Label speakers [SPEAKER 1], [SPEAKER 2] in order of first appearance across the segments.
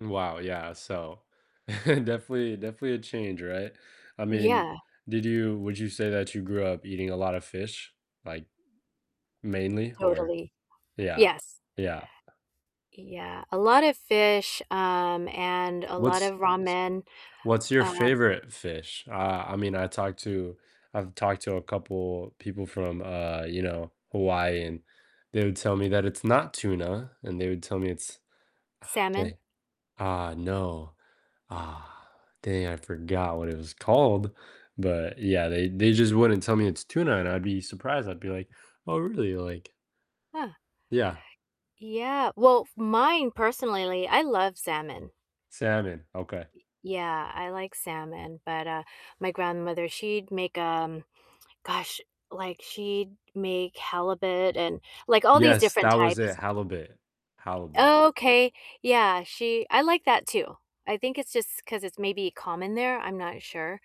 [SPEAKER 1] Mm, wow, yeah, so, definitely definitely a change, right, I mean,
[SPEAKER 2] Yeah.
[SPEAKER 1] did you would you say that you grew up eating a lot of fish, like, mainly or
[SPEAKER 2] Totally,
[SPEAKER 1] yeah,
[SPEAKER 2] yes.
[SPEAKER 1] yeah.
[SPEAKER 2] Yeah, a lot of fish, um, and a lot
[SPEAKER 1] What's
[SPEAKER 2] of
[SPEAKER 1] s
[SPEAKER 2] ramen,
[SPEAKER 1] what's your
[SPEAKER 2] um
[SPEAKER 1] favorite fish? Uh, I mean, I talked to I've talked to a couple people from, uh, you know, Hawaii, and they would tell me that it's not tuna, and they would tell me it's ah,
[SPEAKER 2] Salmon.
[SPEAKER 1] dang. Ah, no. Ah, dang, I forgot what it was called, but yeah, they they just wouldn't tell me it's tuna, and I'd be surprised, I'd be like, "Oh, really?" Like
[SPEAKER 2] Huh.
[SPEAKER 1] Yeah.
[SPEAKER 2] Yeah, well, f mine personally, I love salmon.
[SPEAKER 1] Salmon, okay.
[SPEAKER 2] Y yeah, I like salmon, but, uh, my grandmother, she'd make, um gosh, like, she'd make halibut, and, like, all these
[SPEAKER 1] Yes,
[SPEAKER 2] different
[SPEAKER 1] that was it,
[SPEAKER 2] types.
[SPEAKER 1] Halibut. Halibut.
[SPEAKER 2] Okay, yeah, she I like that too, I think it's just 'cause it's maybe common there, I'm not sure,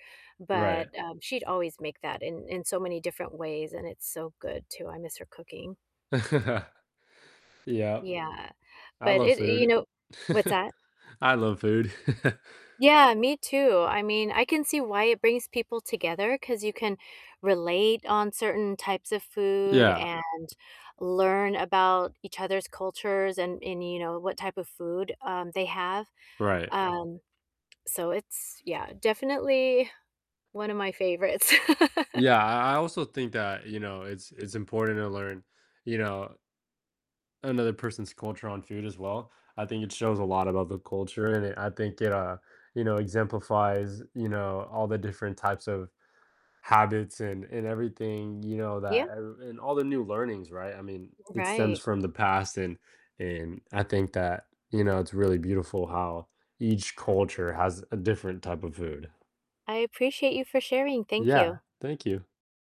[SPEAKER 1] Right.
[SPEAKER 2] but, um, she'd always make that in in so many different ways, and it's so good too, I miss her cooking.
[SPEAKER 1] Yep.
[SPEAKER 2] Yeah,
[SPEAKER 1] I
[SPEAKER 2] but
[SPEAKER 1] love
[SPEAKER 2] it and, you
[SPEAKER 1] food.
[SPEAKER 2] know what's that?
[SPEAKER 1] I love food.
[SPEAKER 2] Yeah, me too, I mean, I can see why it brings people together, 'cause you can relate on certain types of food,
[SPEAKER 1] Yeah.
[SPEAKER 2] and learn about each other's cultures, and and, you know, what type of food, um, they have,
[SPEAKER 1] Right.
[SPEAKER 2] um, so it's yeah, definitely one of my favorites.
[SPEAKER 1] Yeah, I I also think that, you know, it's it's important to learn, you know another person's culture on food as well. I think it shows a lot about the culture, and it I think it, uh, you know, exemplifies, you know, all the different types of habits, and and everything, you know,
[SPEAKER 2] Yeah.
[SPEAKER 1] that ev and all the new learnings, right, I mean, it stems
[SPEAKER 2] Right.
[SPEAKER 1] from the past and and I think that, you know, it's really beautiful how each
[SPEAKER 2] Yeah.
[SPEAKER 1] culture has a different type of food.
[SPEAKER 2] I appreciate you for sharing, thank
[SPEAKER 1] Yeah,
[SPEAKER 2] you.
[SPEAKER 1] thank you.